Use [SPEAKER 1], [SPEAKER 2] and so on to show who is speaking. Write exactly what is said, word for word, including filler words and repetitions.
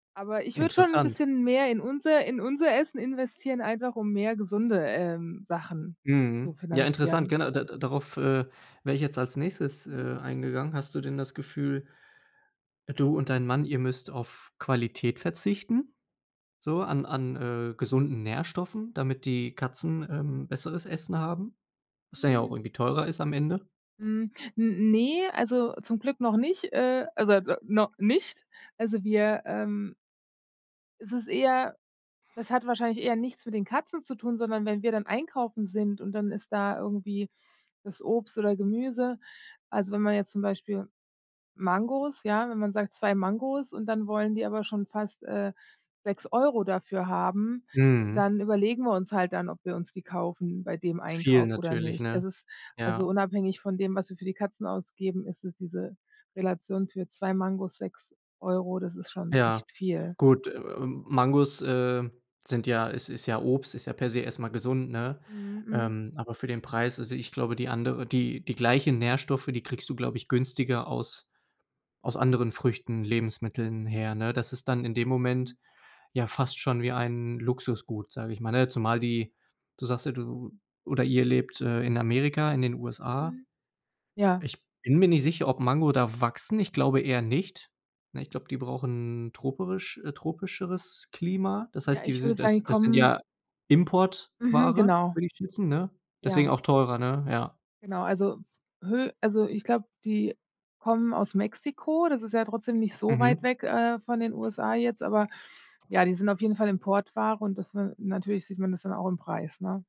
[SPEAKER 1] Aber ich würde schon 'n
[SPEAKER 2] Interessant.
[SPEAKER 1] bisschen mehr in unser in unser Essen investieren, einfach um mehr gesunde, ähm, Sachen zu
[SPEAKER 2] Mhm. Ja, interessant.
[SPEAKER 1] finanzieren.
[SPEAKER 2] Gena da da darauf, äh, wäre ich jetzt als Nächstes,
[SPEAKER 1] Mhm.
[SPEAKER 2] äh, eingegangen. Hast du denn das Gefühl du und dein Mann, ihr müsst auf Qualität verzichten? So an an, äh, gesunden Nährstoffen, damit die Katzen, ähm, besseres Essen haben? Was dann ja auch
[SPEAKER 1] Mhm.
[SPEAKER 2] irgendwie teurer ist am Ende?
[SPEAKER 1] Hm, n ne, also zum Glück noch nicht, äh, also da no nicht. Also wir, ähm Es ist eher das hat wahrscheinlich eher nichts mit den Katzen zu tun, sondern wenn wir dann einkaufen sind, und dann ist da irgendwie das Obst oder Gemüse also, wenn man jetzt zum Beispiel Mangos ja, wenn man sagt, zwei Mangos, und dann wollen die aber schon fast, äh, sechs Euro dafür haben,
[SPEAKER 2] Mhm.
[SPEAKER 1] dann überlegen wir uns halt dann, ob wir uns die kaufen bei dem
[SPEAKER 2] Ist viel
[SPEAKER 1] Einkauf oder
[SPEAKER 2] natürlich,
[SPEAKER 1] nicht.
[SPEAKER 2] ne?
[SPEAKER 1] Es ist also
[SPEAKER 2] Ja.
[SPEAKER 1] unabhängig von dem, was wir für die Katzen ausgeben, ist es diese Relation für zwei Mangos sechs Euro, das ist schon
[SPEAKER 2] Ja.
[SPEAKER 1] echt viel.
[SPEAKER 2] Gut, äh, Mangos, äh, sind ja is ist ja Obst, ist ja per se erst mal gesund, ne?
[SPEAKER 1] Mhm, mhm.
[SPEAKER 2] Ähm, aber für den Preis also, ich glaube die andere die die gleichen Nährstoffe, die kriegst du, glaube ich, günstiger aus aus anderen Früchten, Lebensmitteln her, ne? Das ist dann in dem
[SPEAKER 1] Mhm.
[SPEAKER 2] Moment ja fast schon wie ein Luxusgut, sage ich mal, ne? Zumal die du sagst ja, du oder ihr lebt, äh, in Amerika, in den USA.
[SPEAKER 1] Mhm, ja.
[SPEAKER 2] Ich bin mir nicht sicher, ob Mango da wachsen. Ich glaube eher nicht. Ne, ich glaube, die brauchen troperisch äh, tropischeres Klima. Das
[SPEAKER 1] Ja,
[SPEAKER 2] heißt, die
[SPEAKER 1] ich würde
[SPEAKER 2] sind
[SPEAKER 1] sagen,
[SPEAKER 2] das
[SPEAKER 1] die
[SPEAKER 2] das sind
[SPEAKER 1] kommen
[SPEAKER 2] ja
[SPEAKER 1] mhm,
[SPEAKER 2] Importware,
[SPEAKER 1] genau.
[SPEAKER 2] würde ich schätzen, ne? Deswegen
[SPEAKER 1] Ja.
[SPEAKER 2] auch teurer, ne? Ja.
[SPEAKER 1] Genau, also, hö also, ich glaube, die kommen aus Mexiko, das ist ja trotzdem nicht so weit
[SPEAKER 2] Mhm.
[SPEAKER 1] weg, äh, von den USA jetzt, aber ja, die sind auf jeden Fall Importware und das ne Natürlich sieht man das dann auch im Preis, ne?